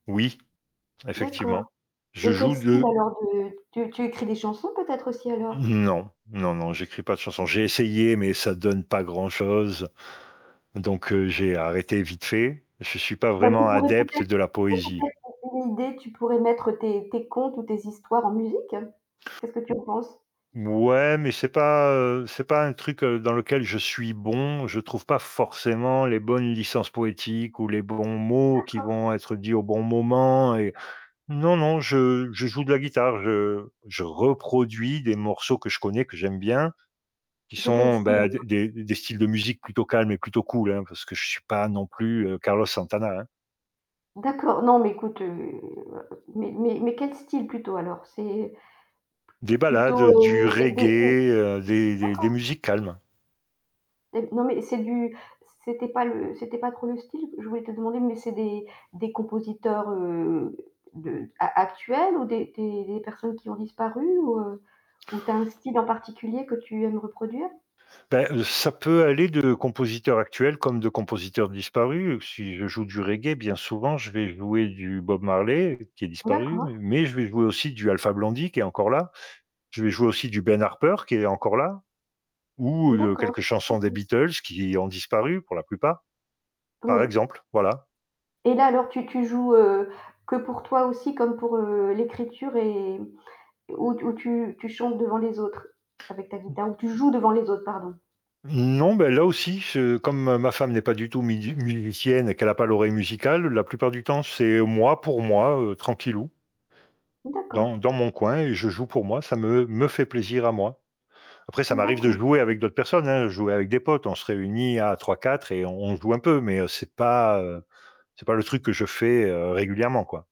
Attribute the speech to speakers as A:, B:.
A: Oui,
B: D'accord,
A: effectivement. Je
B: et quel
A: joue
B: style
A: de
B: alors de tu tu écris des chansons peut-être aussi alors?
A: Non, non, non, j'écris pas de chanson. J'ai essayé, mais ça donne pas grand-chose, donc heu, j'ai arrêté vite fait. Je suis pas
B: Bah, tu
A: vraiment
B: pourrais
A: adepte
B: peut-être,
A: de
B: tu
A: la
B: sais?
A: poésie.
B: Peut-être, une idée tu pourrais mettre tes tes contes ou tes histoires en musique. Qu'est-ce que tu en penses?
A: Mouais, mais c'est pas, heu, c'est pas un truc dans lequel je suis bon. Je trouve pas forcément les bonnes licences poétiques ou les bons mots qui
B: D'accord.
A: vont être dits au bon moment et non, non, je je joue de la guitare. Je je reproduis des morceaux que je connais, que j'aime bien, qui
B: De quel
A: sont,
B: style
A: bah, des
B: alors?
A: des d des styles de musique plutôt calmes et plutôt cools, hein, parce que je suis pas non plus, heu, Carlos Santana, hein.
B: D'accord, non mais écoute, heu, mais mais mais quel style plutôt alors c'est p
A: Des ballades,
B: plutôt,
A: du
B: heu, des des des
A: reggae,
B: d'accord.
A: heu, des des des musiques calmes.
B: Et non mais c'est du c'était pas le c'était pas trop le style, je voulais te demander, mais c'est des des compositeurs, heu, de a actuels ou des des des personnes qui ont disparu ou, heu, ou tu as un style en particulier que tu aimes reproduire?
A: Beh, ça peut aller de compositeur actuel comme de compositeur disparu. Si je joue du reggae, bien souvent, je vais jouer du Bob Marley qui est disparu, mais
B: D'accord.
A: mais je vais jouer aussi du Alpha Blondie qui est encore là. Je vais jouer aussi du Ben Harper qui est encore là ou, heu, de
B: D'accord. Je
A: quelques chansons des
B: comprends.
A: Beatles qui ont disparu pour la plupart. Par
B: Oui.
A: exemple, voilà.
B: Et là alors tu tu joues, heu, que pour toi aussi comme pour, heu, l'écriture et où t où tu tu chantes devant les autres avec ta
A: Mmh.
B: guitare, où tu joues devant les autres, pardon?
A: Non, beh, là aussi, je comme ma femme n'est pas du tout mid musicienne et qu'elle a pas l'oreille musicale, la plupart du temps, c'est moi pour moi, heu, tranquillou dans
B: D'accord.
A: dans mon coin et je joue pour moi, ça me me fait plaisir à moi. Après, ça
B: Mmh.
A: m'arrive de
B: D'accord.
A: jouer avec d'autres personnes, hein, jouer avec des potes, on se réunit à 3-4 et on joue un peu, mais c'est pas, heu, c'est pas le truc que je fais, heu, régulièrement, quoi.